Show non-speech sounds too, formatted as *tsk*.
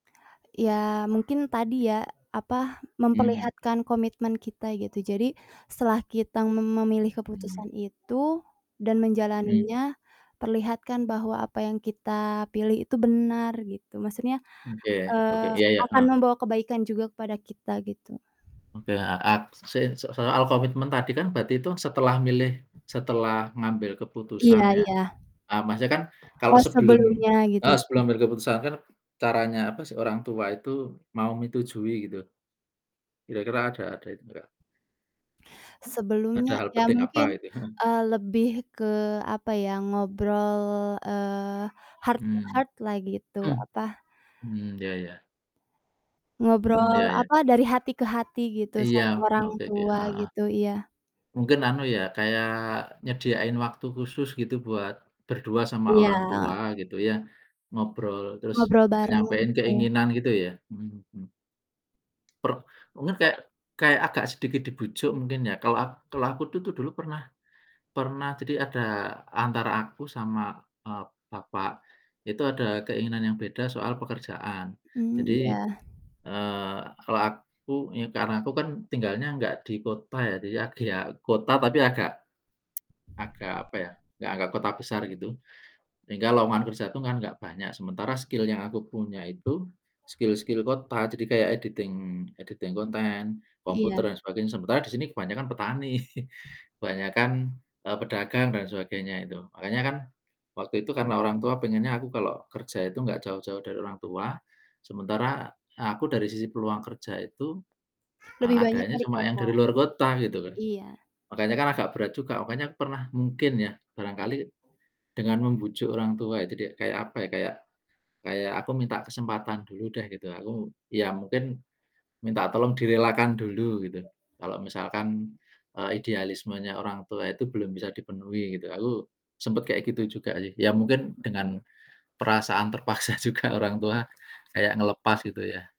Ya, mungkin tadi ya, apa, Mhm mhm. memperlihatkan komitmen kita, gitu. Jadi, setelah kita mem memilih Mmm. keputusan itu dan Mmm. menjalaninya, perlihatkan bahwa apa yang kita pilih itu benar, gitu. Maksudnya, Mmm, iya iya, oke, eee, iya iya, akan heeh. membawa kebaikan juga kepada kita, gitu. Oke, heeh, ak sa soal komitmen tadi kan, berarti itu setelah milih setelah ngambil Iya keputusan ya, iya. eee, maksudnya kan kalau Eee, sebelum sebelumnya gitu. heeh, sebelum ngambil keputusan kan, caranya apa sih orang tua itu mau menyetujui, gitu. Kira-kira, ada ada itu enggak Sebelumnya ada hal ya penting apa, mungkin, gitu? Heeh. eee, lebih ke, apa ya, ngobrol, eee, heart to Mhm. heart lah gitu, Mmm. apa Mhm, iya iya. Mhm, ngobrol, iya iya. apa, dari hati ke hati gitu, Iya, sama orang oke oke, tua heeh heeh. gitu, iya. Mungkin, anu ya, kayak nyediain waktu khusus gitu, buat berdua sama orang tua, Iya. gitu ya, ngobrol, terus Ngobrol bareng, nyampein betul. keinginan, gitu ya? Mhm mhm. Per mungkin kayak kayak agak sedikit dibujuk mungkin, ya? Kalau ak kalau aku tuh dulu pernah pernah jadi ada antara aku sama, eee, bapak, itu ada keinginan yang beda soal pekerjaan. Mmm, Jadi, iya. eee, kalau aku, ya karena aku kan tinggalnya enggak di kota ya, jadi ak ya kota tapi agak *tsk* agak, apa ya, nggak nggak kota besar gitu, sehingga lowongan kerja itu kan enggak banyak, sementara skill yang aku punya itu, skill-skill kota, jadi kayak editing editing konten, Iya. komputer, dan sebagainya, sementara di sini kebanyakan petani, *chuckles* kebanyakan, e pedagang dan sebagainya itu. Makanya kan, waktu itu karena orang tua pengennya aku kalau kerja itu enggak jauh-jauh dari orang tua, sementara aku dari sisi peluang kerja itu, e Lebih banyak adanya dari cuma yang kota. dari luar kota, gitu loh. Iya. Makanya kan agak berat juga, pokoknya pernah mungkin ya, barangkali dengan membujuk orang tua itu di kayak apa ya, kayak kayak aku minta kesempatan dulu deh gitu, aku ya mungkin minta tolong direlakan dulu gitu, kalau misalkan, e idealismenya orang tua itu belum bisa dipenuhi gitu, aku sempet kayak gitu juga sih. Ya mungkin dengan perasaan terpaksa juga orang tua kayak ngelepas, gitu ya.